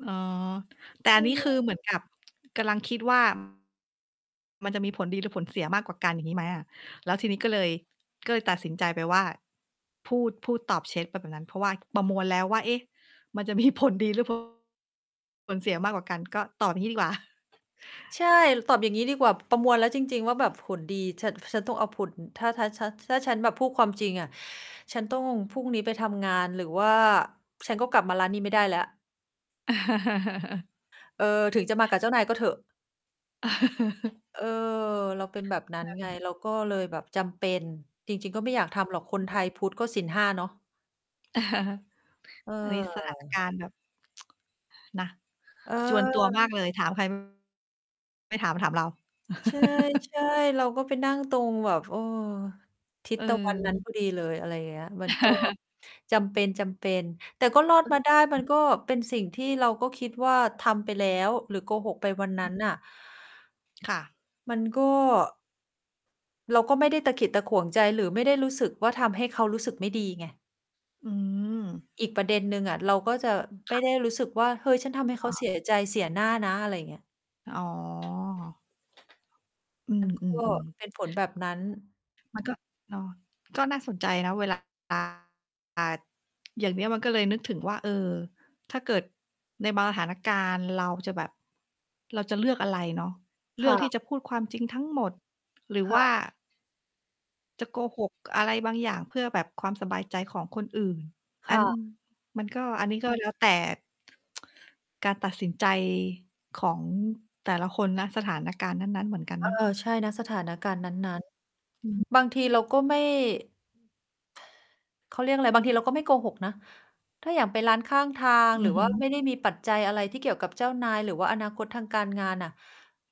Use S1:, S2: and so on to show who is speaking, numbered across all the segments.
S1: อ๋อ แต่
S2: ใช
S1: อัน
S2: ่
S1: นี้
S2: เล
S1: คือ
S2: ย
S1: เหมือนกับกำลังคิด ว่า มันจะมีผลดีหรือผลเสียมากกว่ากัน อย่างงี้ไหมอะ? แล้วทีนี้ก็เลย ก็เลยตัดสินใจไปว่า พูด พูดตอบเช็ดไปแบบนั้น เพราะว่าประมวลแล้วว่า เอ๊ะ มันจะ มีผล ดีหรือ ผล ผลเสียมากกว่ากัน ก็ตอบอย่างงี้ดีกว่า
S2: ใช่ ตอบอย่างงี้ดีกว่า ประมวลแล้วจริง ๆ ว่าแบบผลดี ฉัน ฉันต้องเอาผล ถ้า ถ้า ถ้าฉันแบบพูดความจริงอะ ฉันต้อง พรุ่งนี้ไปทำงาน หรือว่าฉันก็กลับมาร้านนี้ไม่ได้แล้ว เออ ถึงจะมากับเจ้านายก็เถอะ เออ เราเป็นแบบนั
S1: แ
S2: ้
S1: ป
S2: น
S1: ๊บ
S2: ไง
S1: หนึ่ง
S2: เราก็เลยแบบจำเป็น จริง ๆ ก็ไม่อยากทำหรอก คนไทยพุทธก็ศีล 5 เนาะ เ
S1: อันนี้ สถาน ก
S2: ออ
S1: ารณ์แบบ นะ
S2: เ
S1: จวนตัว
S2: ออ
S1: มากเลย ถาม ใคร ไม่ถาม ถามเรา
S2: ใช่ ๆ เราก็ไปนั่งตรงแบบ เออ ทิศตะวันนั้น
S1: เออ
S2: พอดีเลย อะไรเงี้ย มัน ก็ จำเป็น ๆ แต่ก็รอดมาได้ มันก็เป็นสิ่งที่เราก็คิดว่า ทำไปแล้วหรือโกหกไปวันนั้นน่ะ
S1: ค่ะ
S2: มันก็ เราก็ไม่ได้ตะขิดตะขวงใจ หรือไม่ได้รู้สึกว่าทำให้เขารู้สึกไม่ดีไง
S1: อือ
S2: อีกประเด็นหนึ่งอะ เราก็จะไ
S1: ค
S2: ม
S1: ่
S2: ่
S1: ะ
S2: ได้รู้สึกว่า เฮ้ย ฉันทำให้
S1: ค
S2: เข
S1: ่
S2: า เ
S1: ะ
S2: สีย ใจ เสียหน้านะ อะไรเงี้ย
S1: อ๋อ อื
S2: มันก
S1: ม
S2: ็
S1: ๆ ๆ
S2: เป็นผลแบบนั้น
S1: มันก็ เนาะ ก็น่าสนใจนะ เวลา อ่า อย่างเนี้ยมันก็เลยนึกถึงว่า เออ ถ้าเกิดในบางสถานการณ์ เราจะแบบ เราจะเลือกอะไรเนาะ เ
S2: ค
S1: ลื
S2: ่
S1: อกที่
S2: ะ
S1: จะพูดความจริงทั้งหมด หรือ
S2: ค
S1: ว
S2: ่
S1: ่า
S2: ะ
S1: จะโกหกอะไรบางอย่างเพื่อแบบความสบายใจของคนอื่น อ
S2: ค
S1: ั
S2: ่
S1: น
S2: ะ
S1: มันก็ อันนี้ก็แล้วแต่ การตัดสินใจของแต่ละคน ณ สถานการณ์นั้น ๆ เหมือนกัน
S2: เอ
S1: เ
S2: อ
S1: นาะ
S2: ใช่ ณ สถานการณ์นั้น
S1: อือ
S2: ๆ บางทีเราก็ไม่ เขาเรียกอะไร บางทีเราก็ไม่โกหกนะ ถ้าอย่างไปร้านข้างทาง
S1: อื
S2: หรื
S1: อ
S2: อ
S1: ฮ
S2: ว
S1: ึ
S2: ่าไม่ได้มีปัจจัยอะไรที่เกี่ยวกับเจ้านาย หรือว่าอนาคตทางการงานอะ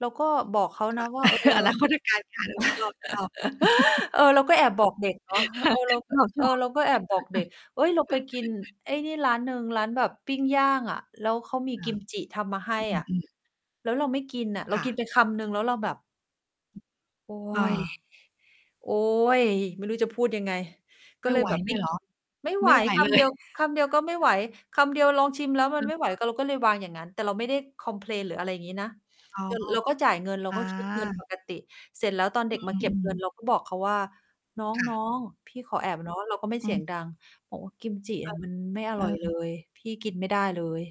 S2: เราก็บอกเขา
S1: ค
S2: น
S1: ่ะ
S2: ะว่า เออ
S1: อนาคตทางการงาน เออ ชอบ ๆ
S2: เออ เราก็แอบบอกเด็กเนาะ
S1: ค่
S2: เ
S1: ะ
S2: ออ เรา ก็
S1: ชอบ ๆ
S2: เออ เราก็แอบบอกเด็ก เฮ้ย เราไปกินไอ้นี่ร้านหนึ่ง ร้านแบบปิ้งย่างอะ แล้วเขามี
S1: ค
S2: ก
S1: ่ะ
S2: ิมจิทำมาให้
S1: อ
S2: อะ
S1: ือ ๆ
S2: แล้วเราไม่กินอะ เรา
S1: ค่
S2: กิ
S1: ะ
S2: นไปคำหนึ่ง แล้วเราแบบ โอ๊
S1: อา
S2: ย โอ๊ย ไม่รู้จะพูดยังไง ก
S1: ไม
S2: ็
S1: ่
S2: เล
S1: ไ
S2: ย
S1: หว
S2: แบบ
S1: เ
S2: ไ
S1: ล
S2: ม่
S1: ยเ
S2: ก
S1: หร
S2: ิ
S1: อ?
S2: น ไม่ไ
S1: ไ
S2: ห
S1: ม
S2: ว
S1: ่ไหว
S2: ค
S1: เล
S2: ำเดี
S1: ย
S2: ยว คำเดียวก็ไม่ไหว คำเดียวลองชิมแล้วมั
S1: อ
S2: น
S1: ื
S2: ไ
S1: อ
S2: ม่ไ
S1: ฮ
S2: หว ก
S1: ึ
S2: ็ เราก็เลยวางอย่างงั้น แต่เราไม่ได้คอมเพลน หรืออะไรอย่างงี้นะ
S1: อ๋อ
S2: ร เราก็จ่ายเงิน เรา
S1: อ
S2: ก็คิดเงินป
S1: า
S2: กติ เสร็จแล้วตอนเด็กม
S1: อ
S2: าเก็
S1: ื
S2: บเงิ
S1: อ
S2: น
S1: ๆ
S2: เราก็บอกเขาว่า "น
S1: ค่ะ
S2: ้อง ๆ พี่ขอแอบเนาะ" เราก็ไม่
S1: อ
S2: เส
S1: ื
S2: ียง
S1: ม
S2: ดัง บอกว่า "กิมจิ
S1: เ
S2: อ
S1: อ
S2: ะ
S1: อ
S2: มันไม่อ
S1: เอ
S2: ร่อยเล
S1: อ
S2: ย พี่กินไม่ได้เลย"